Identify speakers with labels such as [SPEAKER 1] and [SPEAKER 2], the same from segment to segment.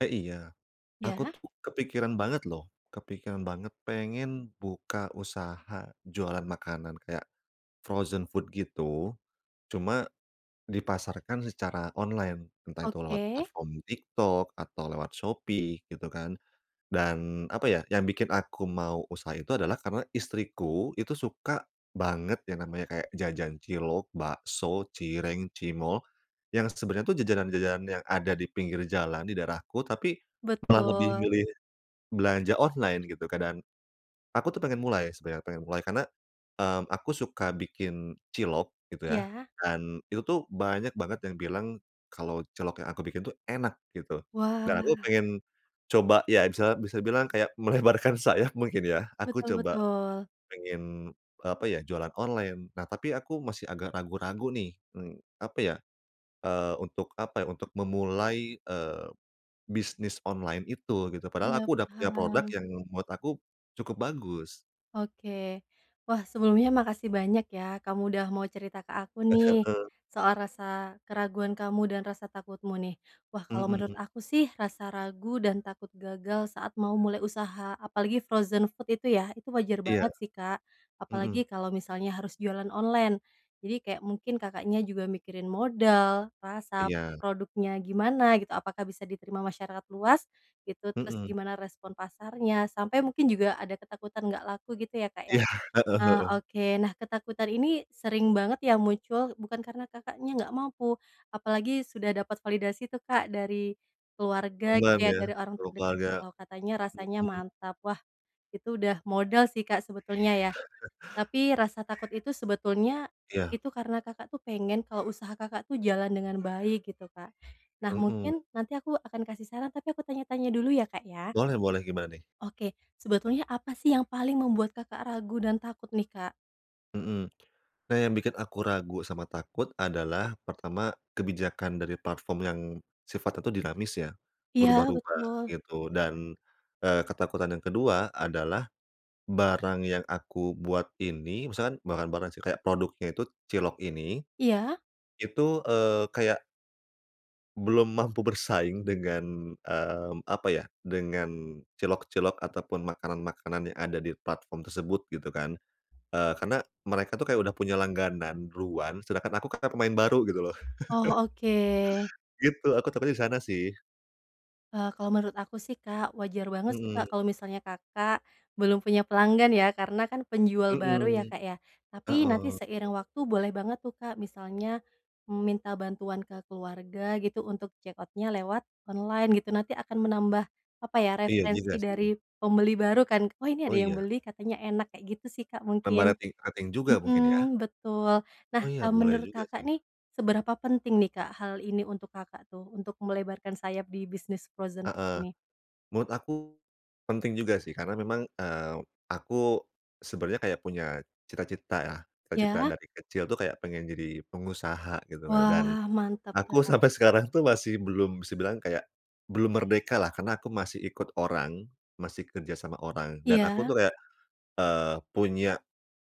[SPEAKER 1] Eh, iya, aku
[SPEAKER 2] Iya.
[SPEAKER 1] tuh kepikiran banget loh, kepikiran banget pengen buka usaha, jualan makanan kayak frozen food, gitu. Cuma dipasarkan secara online, entah itu lewat
[SPEAKER 2] Oke.
[SPEAKER 1] platform TikTok atau lewat Shopee, gitu kan. Dan, apa ya, yang bikin aku mau usaha itu adalah karena istriku itu suka banget yang namanya kayak jajan cilok, bakso, cireng, cimol, yang sebenarnya tuh jajanan-jajanan yang ada di pinggir jalan di daerahku, tapi malah lebih
[SPEAKER 2] Betul.
[SPEAKER 1] milih belanja online, gitu, Kak, dan, aku tuh pengen mulai sebenarnya, pengen mulai karena, mmm, aku suka bikin cilok, gitu, ya.
[SPEAKER 2] Iya.
[SPEAKER 1] Dan itu tuh banyak banget yang bilang kalau cilok yang aku bikin tuh enak, gitu. Dan aku
[SPEAKER 2] Wah.
[SPEAKER 1] pengen coba ya, misalnya bisa dibilang kayak melebarkan sayap mungkin ya, aku
[SPEAKER 2] Betul
[SPEAKER 1] coba
[SPEAKER 2] betul.
[SPEAKER 1] pengen, eee, apa ya, jualan online. Nah, tapi aku masih agak ragu-ragu nih, mmm, apa ya, eee, untuk, apa ya, untuk memulai, eee, bisnis online itu, gitu. Padahal
[SPEAKER 2] Iya,
[SPEAKER 1] aku udah punya produk
[SPEAKER 2] paham.
[SPEAKER 1] yang menurut aku cukup bagus.
[SPEAKER 2] Oke. Wah, sebelumnya makasih banyak ya, kamu udah mau cerita ke aku
[SPEAKER 1] Eh,
[SPEAKER 2] nih,
[SPEAKER 1] heeh.
[SPEAKER 2] soal rasa keraguan kamu dan rasa takutmu nih. Wah, kalau menurut
[SPEAKER 1] Mhm.
[SPEAKER 2] aku sih rasa ragu dan takut gagal saat mau mulai usaha, apalagi frozen food itu ya, itu wajar
[SPEAKER 1] Iya.
[SPEAKER 2] banget sih Kak.
[SPEAKER 1] Mhm.
[SPEAKER 2] Apalagi kalau misalnya harus jualan online. Jadi kayak mungkin Kakaknya juga mikirin modal, rasa
[SPEAKER 1] Iya.
[SPEAKER 2] produknya gimana, gitu, apakah bisa diterima masyarakat luas, gitu. Terus
[SPEAKER 1] Mhm.
[SPEAKER 2] gimana respon pasarnya, sampai mungkin juga ada ketakutan nggak laku gitu ya Kak ya?
[SPEAKER 1] Iya, heeh
[SPEAKER 2] Ah,
[SPEAKER 1] heeh.
[SPEAKER 2] oke. Nah ketakutan ini sering banget ya muncul bukan karena Kakaknya nggak mampu. Apalagi sudah dapat validasi itu Kak dari keluarga, gitu
[SPEAKER 1] Temen
[SPEAKER 2] ya,
[SPEAKER 1] ya,
[SPEAKER 2] dari orang
[SPEAKER 1] sama
[SPEAKER 2] terdekat
[SPEAKER 1] keluarga,
[SPEAKER 2] kalau katanya rasanya
[SPEAKER 1] mhm.
[SPEAKER 2] mantap. Wah, itu udah modal sih Kak sebetulnya ya. Tapi rasa takut itu sebetulnya
[SPEAKER 1] Iya.
[SPEAKER 2] itu karena Kakak itu pengen kalau usaha Kakak itu jalan dengan baik, gitu Kak. Nah
[SPEAKER 1] Mhm.
[SPEAKER 2] mungkin nanti aku akan kasih saran, tapi aku tanya-tanya dulu ya, Kak, ya.
[SPEAKER 1] Boleh boleh, gimana nih?
[SPEAKER 2] Oke, sebetulnya apa sih yang paling membuat Kakak ragu dan takut nih Kak?
[SPEAKER 1] Mhm. Nah yang bikin aku ragu sama takut adalah pertama kebijakan dari platform yang sifatnya tuh dinamis ya,
[SPEAKER 2] Iya
[SPEAKER 1] berubah-rubah
[SPEAKER 2] betul.
[SPEAKER 1] gitu. Dan, eee, ketakutan yang kedua adalah, barang yang aku buat ini misalkan barang-barang sih kayak produknya tuh cilok ini.
[SPEAKER 2] Iya.
[SPEAKER 1] Itu, eee, kayak belum mampu bersaing dengan, mmm, apa ya, dengan cilok-cilok ataupun makanan-makanan yang ada di platform tersebut gitu kan. Eee, karena mereka tuh kayak udah punya langganan ruan sedangkan aku kan pemain baru gitu loh.
[SPEAKER 2] Oh oke.
[SPEAKER 1] Gitu, aku takutnya di sana sih.
[SPEAKER 2] Eee, kalau menurut aku sih Kak wajar banget sih Kak
[SPEAKER 1] Mhm.
[SPEAKER 2] kalau misalnya Kakak, belum punya pelanggan ya, karena kan penjual baru ya
[SPEAKER 1] Mhm.
[SPEAKER 2] Kak ya. Tapi nanti
[SPEAKER 1] Heeh.
[SPEAKER 2] seiring waktu boleh banget tuh Kak misalnya, mmm, minta bantuan ke keluarga gitu, untuk check out-nya lewat online gitu, nanti akan menambah, apa ya,
[SPEAKER 1] Iya juga
[SPEAKER 2] referensi dari
[SPEAKER 1] sih.
[SPEAKER 2] pembeli baru kan, "Oh ini
[SPEAKER 1] Oh
[SPEAKER 2] ada yang
[SPEAKER 1] ya.
[SPEAKER 2] beli katanya enak," kayak gitu sih Kak
[SPEAKER 1] Tambah
[SPEAKER 2] mungkin.
[SPEAKER 1] rating ating juga mungkin ya.
[SPEAKER 2] Hmm betul. Nah,
[SPEAKER 1] Oh ya
[SPEAKER 2] eee,
[SPEAKER 1] boleh
[SPEAKER 2] menurut
[SPEAKER 1] juga
[SPEAKER 2] Kakak
[SPEAKER 1] sih.
[SPEAKER 2] nih, seberapa penting nih Kak hal ini untuk Kakak tuh, untuk melebarkan sayap di bisnis frozen
[SPEAKER 1] Heeh.
[SPEAKER 2] ini?
[SPEAKER 1] Menurut aku, penting juga sih karena memang, eee, aku, sebenarnya kayak punya cita-cita ya. Cita-cita
[SPEAKER 2] Ya.
[SPEAKER 1] dari kecil tuh kayak pengen jadi pengusaha gitu kan dan,
[SPEAKER 2] Wah mantap
[SPEAKER 1] aku
[SPEAKER 2] Kak.
[SPEAKER 1] sampai sekarang tuh masih belum bisa bilang kayak belum merdeka lah karena aku masih ikut orang, masih kerja sama orang dan aku
[SPEAKER 2] Iya.
[SPEAKER 1] tuh kayak, eee, punya,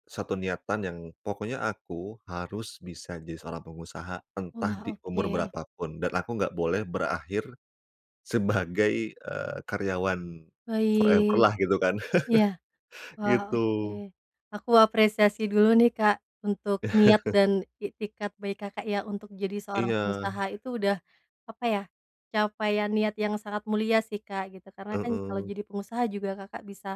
[SPEAKER 1] 1 niatan yang pokoknya aku harus bisa jadi seorang pengusaha entah
[SPEAKER 2] Wah
[SPEAKER 1] di umur
[SPEAKER 2] oke.
[SPEAKER 1] berapa pun, dan aku enggak boleh berakhir, sebagai, eee, karyawan forever
[SPEAKER 2] Baik.
[SPEAKER 1] lah gitu kan.
[SPEAKER 2] Iya. Wah oke.
[SPEAKER 1] Gitu.
[SPEAKER 2] Aku apresiasi dulu nih Kak, untuk niat dan iktikad baik Kakak ya untuk jadi seorang pengusaha
[SPEAKER 1] Iya.
[SPEAKER 2] itu udah, apa ya, capaian niat yang sangat mulia sih Kak gitu. Karena kan kalau
[SPEAKER 1] Heeh.
[SPEAKER 2] jadi pengusaha juga Kakak bisa,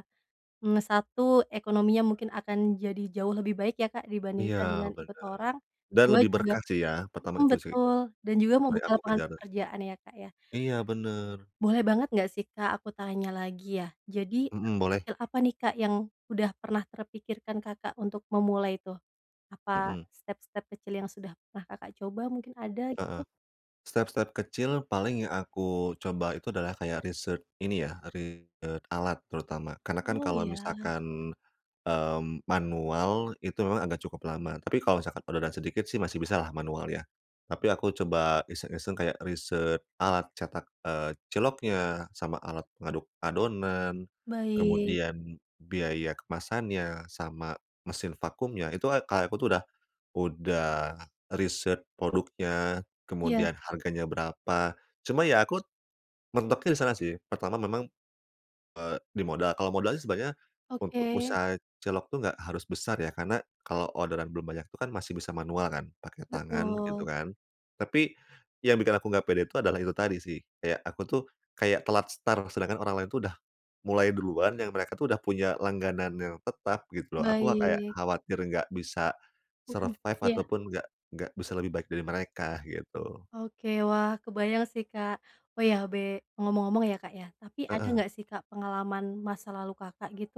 [SPEAKER 2] mmm, 1 ekonominya mungkin akan jadi jauh lebih baik ya Kak
[SPEAKER 1] Iya
[SPEAKER 2] dibandingkan dengan ikut
[SPEAKER 1] bener.
[SPEAKER 2] orang.
[SPEAKER 1] Dan
[SPEAKER 2] 2
[SPEAKER 1] lebih
[SPEAKER 2] juga
[SPEAKER 1] berkah sih ya pertama
[SPEAKER 2] mhm,
[SPEAKER 1] itu sih.
[SPEAKER 2] betul dan juga mau
[SPEAKER 1] Paling
[SPEAKER 2] buka
[SPEAKER 1] aku
[SPEAKER 2] lapangan
[SPEAKER 1] kejar.
[SPEAKER 2] pekerjaan ya Kak ya.
[SPEAKER 1] Iya bener.
[SPEAKER 2] Boleh banget nggak sih Kak aku tanya lagi ya. Jadi
[SPEAKER 1] Mhm, boleh.
[SPEAKER 2] [unintelligible] apa nih Kak yang udah pernah terpikirkan Kakak untuk memulai tuh? Apa
[SPEAKER 1] Mhm.
[SPEAKER 2] step-step kecil yang sudah pernah Kakak coba mungkin ada gitu?
[SPEAKER 1] Heeh. Step-step kecil paling yang aku coba itu adalah kayak research ini ya, research alat terutama karena kan
[SPEAKER 2] Oh
[SPEAKER 1] kalau
[SPEAKER 2] ya.
[SPEAKER 1] misalkan, mmm, manual itu memang agak cukup lama, tapi kalau misalkan udah ada sedikit sih masih bisa lah manual ya. Tapi aku coba iseng-iseng kayak research alat cetak, eee, ciloknya sama alat ngaduk adonan.
[SPEAKER 2] Baik.
[SPEAKER 1] Kemudian biaya kemasannya sama mesin vakumnya, itu a kayak aku tuh udah udah research produknya,
[SPEAKER 2] Iya.
[SPEAKER 1] kemudian harganya berapa, cuma ya aku, mentoknya di sana sih. Pertama memang, eee, di modal kalau modal sih sebenarnya untuk
[SPEAKER 2] Oke.
[SPEAKER 1] usaha cilok tuh enggak harus besar ya, karena kalau orderan belum banyak tuh kan masih bisa manual kan, pakai tangan gitu
[SPEAKER 2] Betul.
[SPEAKER 1] kan. Tapi, yang bikin aku enggak pede tuh adalah itu tadi sih, kayak aku tuh kayak telat start sedangkan orang lain tuh udah mulai duluan yang mereka tuh udah punya langganan yang tetap gitu loh. Aku mah kayak
[SPEAKER 2] Baik.
[SPEAKER 1] khawatir enggak bisa,
[SPEAKER 2] Hmm,
[SPEAKER 1] survive
[SPEAKER 2] iya.
[SPEAKER 1] ataupun enggak enggak bisa lebih baik dari mereka gitu.
[SPEAKER 2] Oke wah kebayang sih Kak. Oh ya be ngomong-ngomong ya Kak ya, tapi ada
[SPEAKER 1] Heeh.
[SPEAKER 2] nggak sih Kak pengalaman masa lalu Kakak gitu,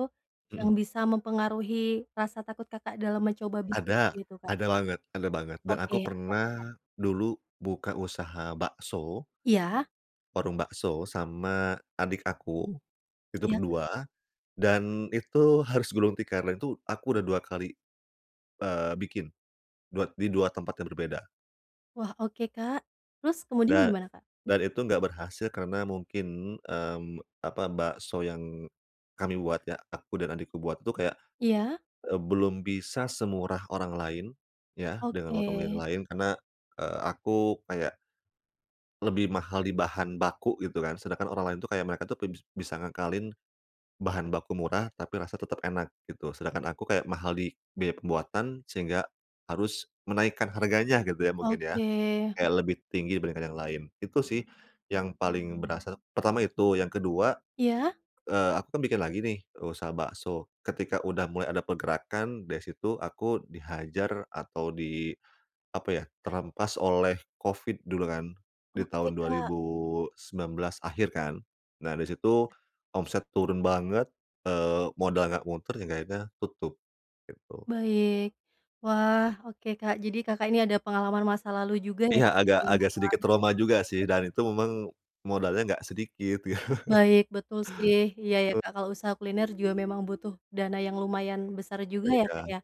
[SPEAKER 2] yang
[SPEAKER 1] Mhm.
[SPEAKER 2] bisa mempengaruhi rasa takut Kakak dalam mencoba bisnis
[SPEAKER 1] Ada
[SPEAKER 2] gitu Kak?
[SPEAKER 1] ada banget ada banget dan
[SPEAKER 2] Oke,
[SPEAKER 1] aku
[SPEAKER 2] apa tuh Kak?
[SPEAKER 1] pernah dulu buka usaha bakso.
[SPEAKER 2] Iya.
[SPEAKER 1] Warung bakso sama adik aku. Itu
[SPEAKER 2] Iya Kak?
[SPEAKER 1] berdua, dan itu harus gulung tikar, itu aku udah 2 kali, eee, bikin, dua di 2 tempat yang berbeda.
[SPEAKER 2] Wah, oke Kak. Terus kemudian
[SPEAKER 1] Dan
[SPEAKER 2] gimana Kak?
[SPEAKER 1] dan itu enggak berhasil karena mungkin, mmm, apa, bakso yang kami buat ya, aku dan adikku buat itu kayak,
[SPEAKER 2] Iya.
[SPEAKER 1] eee, belum bisa semurah orang lain, ya, dengan warung yang
[SPEAKER 2] Oke.
[SPEAKER 1] lain karena, eee, aku kayak lebih mahal di bahan baku gitu kan, sedangkan orang lain itu kayak mereka tuh bes bisa ngakalin bahan baku murah, tapi rasa tetap enak, gitu. Sedangkan aku kayak mahal di biaya pembuatan sehingga harus menaikkan harganya gitu ya, mungkin ya.
[SPEAKER 2] Oke.
[SPEAKER 1] Kayak lebih tinggi dibandingkan yang lain. Itu sih, yang paling berasa. Pertama itu, yang kedua,
[SPEAKER 2] Iya.
[SPEAKER 1] eee, aku kan bikin lagi nih usaha bakso. Ketika udah mulai ada pergerakan dari situ aku dihajar atau di, apa ya, terhempas oleh Covid dulu kan, di
[SPEAKER 2] Oke,
[SPEAKER 1] tahun dua
[SPEAKER 2] Kak.
[SPEAKER 1] ribu sembilan belas akhir kan. Nah, di situ omset turun banget, eee, modal enggak muter yang akhirnya tutup, gitu.
[SPEAKER 2] Baik. Wah, oke Kak, jadi Kakak ini ada pengalaman masa lalu juga ya
[SPEAKER 1] Iya,
[SPEAKER 2] Kak, ya
[SPEAKER 1] agak agak
[SPEAKER 2] ilmuwan.
[SPEAKER 1] sedikit trauma juga sih, dan itu memang modalnya enggak sedikit.
[SPEAKER 2] Baik, betul sih. Iya ya,
[SPEAKER 1] Tul
[SPEAKER 2] Kak, kalau usaha kuliner juga memang butuh dana yang lumayan besar juga ya Kak,
[SPEAKER 1] Beda,
[SPEAKER 2] ya.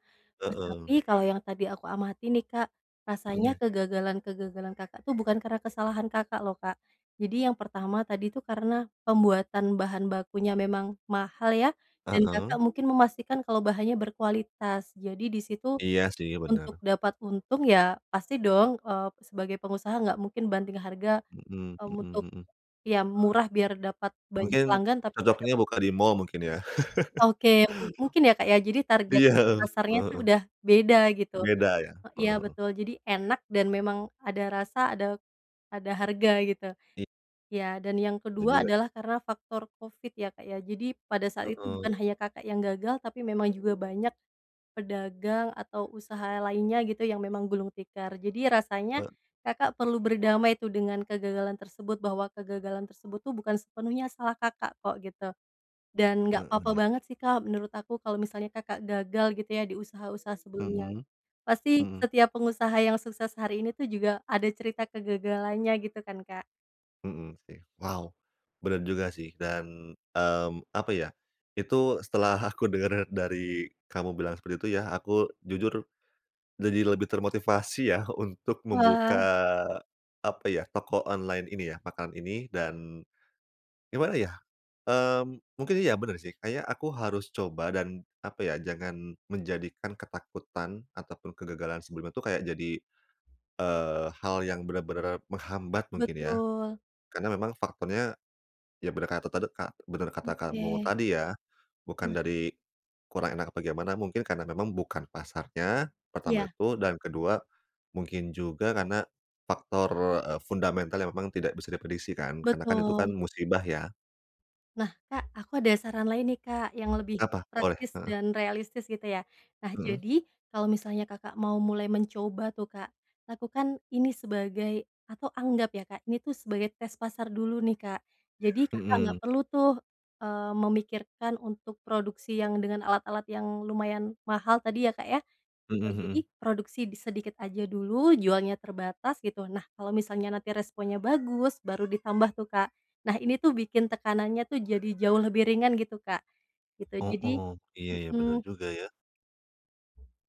[SPEAKER 2] Wah, tapi
[SPEAKER 1] heeh.
[SPEAKER 2] kalau yang tadi aku amati nih, Kak, rasanya
[SPEAKER 1] Mhm.
[SPEAKER 2] kegagalan-kegagalan Kakak tuh, bukan karena kesalahan Kakak loh, Kak. Jadi yang pertama tadi itu karena pembuatan bahan bakunya memang mahal ya, dan
[SPEAKER 1] Heeh.
[SPEAKER 2] Kakak mungkin memastikan kalau bahannya berkualitas. Jadi di situ,
[SPEAKER 1] Iya sih,
[SPEAKER 2] untuk
[SPEAKER 1] bener.
[SPEAKER 2] dapat untung ya, pasti dong, eee, sebagai pengusaha nggak mungkin banting harga,
[SPEAKER 1] Hmm
[SPEAKER 2] eee, untuk
[SPEAKER 1] hmm hmm.
[SPEAKER 2] ya murah biar dapat banyak
[SPEAKER 1] Mungkin
[SPEAKER 2] pelanggan, tapi nggak
[SPEAKER 1] cocoknya
[SPEAKER 2] dapat
[SPEAKER 1] buka di
[SPEAKER 2] untung.
[SPEAKER 1] mall mungkin ya?
[SPEAKER 2] Oke. Mu mungkin ya Kak, ya, jadi target
[SPEAKER 1] Iya, heeh,
[SPEAKER 2] pasarnya itu
[SPEAKER 1] heeh.
[SPEAKER 2] udah beda, gitu.
[SPEAKER 1] Beda ya?
[SPEAKER 2] E
[SPEAKER 1] Heeh
[SPEAKER 2] iya
[SPEAKER 1] heeh.
[SPEAKER 2] betul, jadi enak dan memang ada rasa ada ada harga, gitu.
[SPEAKER 1] I
[SPEAKER 2] Ya, dan yang
[SPEAKER 1] Iya
[SPEAKER 2] kedua,
[SPEAKER 1] juga.
[SPEAKER 2] adalah karena faktor Covid ya Kak ya. Jadi pada saat itu bukan
[SPEAKER 1] Heeh.
[SPEAKER 2] hanya Kakak yang gagal, tapi memang juga banyak pedagang atau usaha lainnya gitu yang memang gulung tikar. Jadi rasanya
[SPEAKER 1] He
[SPEAKER 2] Kakak perlu berdamai tuh, dengan kegagalan tersebut bahwa kegagalan tersebut tuh, bukan sepenuhnya salah Kakak kok, gitu. Dan nggak
[SPEAKER 1] Heeh
[SPEAKER 2] apa-apa
[SPEAKER 1] ya.
[SPEAKER 2] banget sih Kak, menurut aku kalau misalnya Kakak gagal gitu ya, di usaha-usaha sebelumnya.
[SPEAKER 1] Mhm,
[SPEAKER 2] Pasti
[SPEAKER 1] mhm.
[SPEAKER 2] setiap pengusaha yang sukses hari ini itu juga ada cerita kegagalannya, gitu kan Kak.
[SPEAKER 1] Mhm, sih. Wow, bener juga sih. Dan, mmm, apa ya, itu setelah aku dengar dari kamu bilang seperti itu ya, aku jujur jadi lebih termotivasi ya, untuk membuka,
[SPEAKER 2] Wah.
[SPEAKER 1] apa ya, toko online ini ya, makanan ini dan gimana, ya, eee, mungkin iya, bener, sih. Kayaknya aku harus coba dan, apa ya, jangan menjadikan ketakutan ataupun kegagalan sebelumnya itu kayak jadi, eee, hal yang benar-benar menghambat, mungkin, ya.
[SPEAKER 2] Betul.
[SPEAKER 1] Karena memang faktornya, ya, benar kata tadi ka benar kata kamu
[SPEAKER 2] Oke.
[SPEAKER 1] tadi, ya, bukan
[SPEAKER 2] Hmm.
[SPEAKER 1] dari kurang enak apa gimana, mungkin karena memang bukan pasarnya, pertama
[SPEAKER 2] Iya.
[SPEAKER 1] itu. Dan kedua mungkin juga karena faktor, eee, fundamental yang memang tidak bisa diprediksi kan. Karena kan, itu kan
[SPEAKER 2] Betul.
[SPEAKER 1] musibah, ya.
[SPEAKER 2] Nah, Kak, aku ada saran lain, nih, Kak, yang lebih
[SPEAKER 1] Apa? Boleh,
[SPEAKER 2] praktis
[SPEAKER 1] heeh.
[SPEAKER 2] dan realistis, gitu, ya. Nah,
[SPEAKER 1] Mhm.
[SPEAKER 2] jadi kalau misalnya Kakak mau mulai mencoba tuh, Kak, lakukan ini sebagai atau anggap ya, Kak, ini tuh sebagai tes pasar dulu nih, Kak. Jadi Kakak nggak
[SPEAKER 1] Mhm.
[SPEAKER 2] perlu tuh, eee, memikirkan untuk produksi yang dengan alat-alat yang lumayan mahal tadi ya, Kak, ya,
[SPEAKER 1] Mhm
[SPEAKER 2] gitu. Jadi,
[SPEAKER 1] mhm.
[SPEAKER 2] produksi di sedikit aja dulu, jualnya terbatas, gitu. Nah, kalau misalnya nanti responnya bagus, baru ditambah tuh, Kak. Nah, ini tuh bikin tekanannya tuh, jadi jauh lebih ringan, gitu, Kak. Gitu,
[SPEAKER 1] Oh
[SPEAKER 2] jadi
[SPEAKER 1] oh. Iya iya, bener
[SPEAKER 2] hmm.
[SPEAKER 1] juga, ya.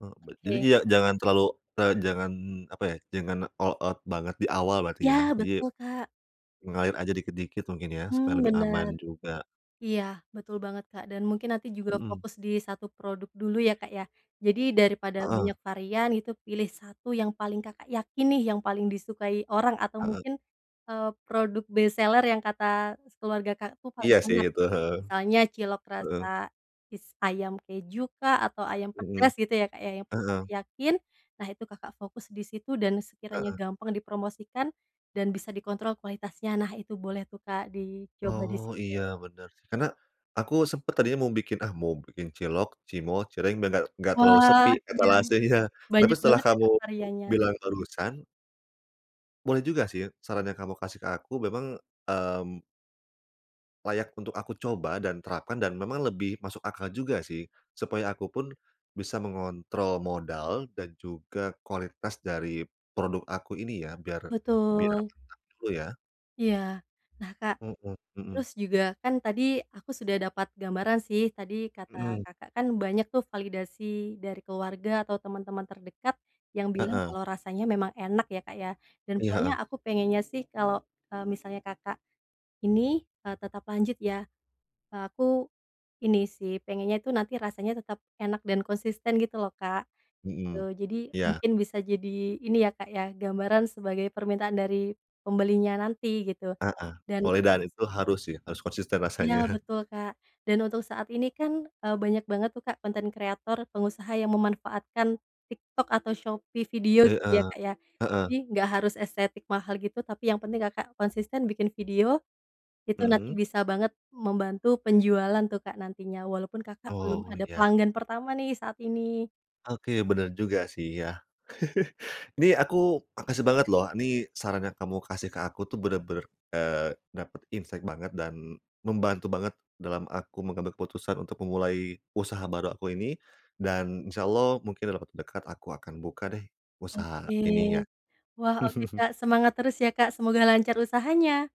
[SPEAKER 1] E bet jadi
[SPEAKER 2] Oke.
[SPEAKER 1] dia jangan terlalu, eee, jangan, apa ya, jangan all out banget di awal, berarti, ya?
[SPEAKER 2] Ya,
[SPEAKER 1] Jadi,
[SPEAKER 2] betul, Kak.
[SPEAKER 1] mengalir aja dikit-dikit mungkin, ya?
[SPEAKER 2] Mmm,
[SPEAKER 1] Supaya lebih
[SPEAKER 2] benar.
[SPEAKER 1] aman juga.
[SPEAKER 2] Iya, betul banget, Kak. Dan mungkin nanti juga dah
[SPEAKER 1] Mhm.
[SPEAKER 2] fokus di 1 produk dulu, ya Kak, ya. Jadi, daripada
[SPEAKER 1] Heeh.
[SPEAKER 2] banyak varian, gitu, pilih 1 yang paling Kakak yakin nih, yang paling disukai orang atau
[SPEAKER 1] Heeh.
[SPEAKER 2] mungkin, eee, produk best seller yang kata s keluarga Kakak tuh, paling
[SPEAKER 1] Iya sih,
[SPEAKER 2] enak.
[SPEAKER 1] itu, heeh.
[SPEAKER 2] Misalnya cilok
[SPEAKER 1] Heeh.
[SPEAKER 2] rasa is ayam kejukah, atau ayam
[SPEAKER 1] Mhm.
[SPEAKER 2] pedas, gitu ya, Kak, ya, yang paling Kakak
[SPEAKER 1] Heeh.
[SPEAKER 2] yakin. Nah, itu Kakak fokus di situ, dan sekiranya
[SPEAKER 1] Heeh.
[SPEAKER 2] gampang dipromosikan, dan bisa dikontrol kualitasnya, nah, itu boleh tuh, Kak, dicoba di
[SPEAKER 1] Oh,
[SPEAKER 2] situ.
[SPEAKER 1] iya, benar sih. Karena, aku sempat tadinya mau bikin, "Ah, mau bikin cilok, cimol, cireng," biar nggak nggak terlalu
[SPEAKER 2] Wah,
[SPEAKER 1] sepi,
[SPEAKER 2] iya.
[SPEAKER 1] etalasenya. Tapi
[SPEAKER 2] Banyak
[SPEAKER 1] setelah
[SPEAKER 2] banget ya,
[SPEAKER 1] kamu
[SPEAKER 2] Kak, variannya?
[SPEAKER 1] bilang barusan boleh juga sih, saran yang kamu kasih ke aku, memang, mmm layak untuk aku coba dan terapkan, dan memang lebih masuk akal juga, sih. Supaya aku pun bisa mengontrol modal dan juga kualitas dari produk aku ini, ya. Biar, biar
[SPEAKER 2] Betul.
[SPEAKER 1] mantap dulu, ya.
[SPEAKER 2] Iya. Nah, Kak,
[SPEAKER 1] Mhm mhm.
[SPEAKER 2] terus juga, kan tadi aku sudah dapat gambaran sih, tadi kata
[SPEAKER 1] Mhm.
[SPEAKER 2] Kakak kan banyak tuh validasi dari keluarga atau temen-temen terdekat, yang bilang
[SPEAKER 1] Heeh.
[SPEAKER 2] kalau rasanya memang enak, ya Kak, ya. Dan
[SPEAKER 1] Iya,
[SPEAKER 2] poinnya,
[SPEAKER 1] heeh.
[SPEAKER 2] aku pengennya sih kalau, eee, misalnya Kakak ini, eee, tetap lanjut, ya, eee, aku ini sih, pengennya itu nanti rasanya tetap enak dan konsisten, gitu loh, Kak. Gitu.
[SPEAKER 1] Mhm.
[SPEAKER 2] Jadi,
[SPEAKER 1] Iya.
[SPEAKER 2] mungkin bisa jadi ini, ya Kak, ya, gambaran sebagai permintaan dari pembelinya nanti, gitu.
[SPEAKER 1] Heeh.
[SPEAKER 2] Dan,
[SPEAKER 1] Mulai dari
[SPEAKER 2] s
[SPEAKER 1] itu, harus sih, harus konsisten
[SPEAKER 2] Iya,
[SPEAKER 1] rasanya.
[SPEAKER 2] betul, Kak. Dan untuk saat ini kan, eee, banyak banget tuh, Kak, konten kreator pengusaha yang memanfaatkan TikTok atau Shopee video, gitu, ya
[SPEAKER 1] Heeh.
[SPEAKER 2] Kak, ya. Jadi,
[SPEAKER 1] Heeh.
[SPEAKER 2] nggak harus estetik mahal gitu, tapi yang penting Kakak konsisten bikin video, itu nanti
[SPEAKER 1] Mhm.
[SPEAKER 2] bisa banget membantu penjualan tuh, Kak, nantinya. Walaupun Kakak belum
[SPEAKER 1] Oh,
[SPEAKER 2] ada
[SPEAKER 1] ya.
[SPEAKER 2] pelanggan pertama, nih, saat ini.
[SPEAKER 1] Oke, bener juga sih, ya. Ini aku makasih banget, loh. Ini saran yang kamu kasih ke aku tuh, benar-benar, eee, dapat insight banget, dan membantu banget dalam aku mengambil keputusan untuk memulai usaha baru aku ini. Dan insya Allah, mungkin dalam waktu dekat, aku akan buka deh, usaha
[SPEAKER 2] Oke.
[SPEAKER 1] ininya.
[SPEAKER 2] Wah, oke, Kak. Semangat terus ya, Kak, semoga lancar usahanya!